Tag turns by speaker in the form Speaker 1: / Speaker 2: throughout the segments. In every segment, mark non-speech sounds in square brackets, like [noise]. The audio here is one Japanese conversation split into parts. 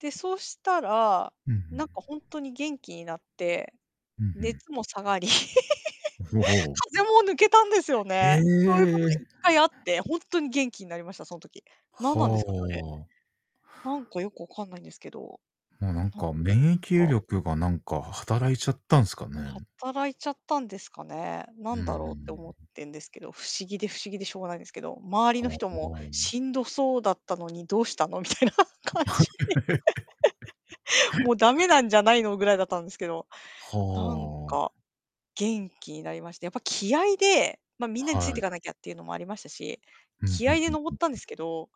Speaker 1: で、そしたら、
Speaker 2: うんう
Speaker 1: なんか
Speaker 2: ん。
Speaker 1: ほんとに元気になって、
Speaker 2: ふんふん。
Speaker 1: 熱も下がり、
Speaker 2: ほう
Speaker 1: [laughs] 風
Speaker 2: ほ
Speaker 1: 邪も抜けたんですよ
Speaker 2: う。[unintelligible]
Speaker 1: ね。そういうことが
Speaker 2: え
Speaker 1: い
Speaker 2: え。
Speaker 1: っかいあって、ほんとに元気になりました、その時。何なんですかね、あれ。
Speaker 2: は。
Speaker 1: なんかよくわかんないんですけど。
Speaker 2: もうな
Speaker 1: な
Speaker 2: ん
Speaker 1: ん
Speaker 2: か、免疫
Speaker 1: か。
Speaker 2: 力がなんか働いちゃったんすかね。
Speaker 1: 働いちゃったんですかね。な
Speaker 2: うんう
Speaker 1: ん
Speaker 2: んう
Speaker 1: だろうって思っ
Speaker 2: ん。
Speaker 1: てんですけど、不思議で、不思議でしょうがないんですけど。周りの
Speaker 2: ほう
Speaker 1: 人も
Speaker 2: ほう。
Speaker 1: 「しんどそうだったのにどうしたの？」みたいな感じで。もう駄目
Speaker 2: [laughs]
Speaker 1: なんじゃないの、ぐらいだったんですけど。なん
Speaker 2: はあ。
Speaker 1: か、元気になりまして、やっぱ気合いで、ま、皆につい
Speaker 2: は
Speaker 1: てい
Speaker 2: い。
Speaker 1: かなきゃっていうのもありましたし、
Speaker 2: ふんふん
Speaker 1: 気
Speaker 2: ふ
Speaker 1: 合
Speaker 2: ん
Speaker 1: いで
Speaker 2: ふん
Speaker 1: 登ったん
Speaker 2: ふ
Speaker 1: で
Speaker 2: ん。
Speaker 1: すけど、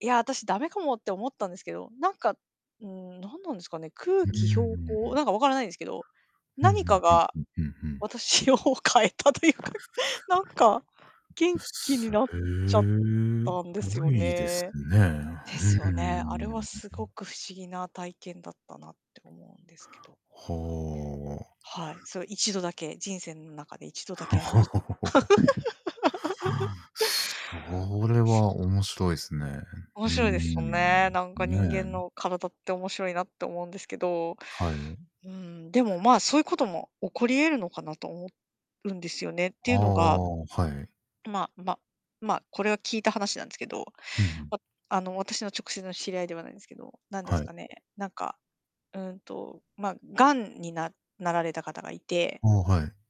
Speaker 1: やあ、私駄目かもって思ったんですけど、なんか、ん、何なんですかね、空
Speaker 2: ふーん、うん
Speaker 1: 気標
Speaker 2: うんう
Speaker 1: 高、
Speaker 2: ん。
Speaker 1: なんか分からないんですけど、
Speaker 2: ふん
Speaker 1: 何
Speaker 2: ふ
Speaker 1: か
Speaker 2: んふん
Speaker 1: が、
Speaker 2: ふんふんふん。
Speaker 1: 私を変えたというか、なんか、元気に
Speaker 2: すへ
Speaker 1: なっちゃったんで
Speaker 2: え
Speaker 1: す
Speaker 2: ご
Speaker 1: よ
Speaker 2: いです
Speaker 1: ね。
Speaker 2: ね。
Speaker 1: で
Speaker 2: ふう
Speaker 1: すよね。あれはす
Speaker 2: ー
Speaker 1: ご
Speaker 2: ん。
Speaker 1: く不思議な体験だったなって思うんですけど。
Speaker 2: ほ。
Speaker 1: はい、そう1度だけ、人生の中で1度だけありました。
Speaker 2: [chuckles]
Speaker 1: [laughs]
Speaker 2: それ
Speaker 1: そうそ
Speaker 2: は面白いすね。
Speaker 1: う。面
Speaker 2: うー
Speaker 1: 白いですもんね。
Speaker 2: ん。
Speaker 1: なんか人間
Speaker 2: ねえ。
Speaker 1: の体って面白いなって思うんですけど。
Speaker 2: はい。
Speaker 1: うーん、でも、ま、そういうことも起こり得るのかなと思うんですよね。って
Speaker 2: あ
Speaker 1: いうのが
Speaker 2: あ、はい。
Speaker 1: ままま、これは聞いた話なんですけど、
Speaker 2: ふんふん。
Speaker 1: わあの、私の直接の知り合いではないんですけど、なんです
Speaker 2: はい。
Speaker 1: かね、なんか、うーんと、ま、がんにななられた方がいて
Speaker 2: ああ、はい。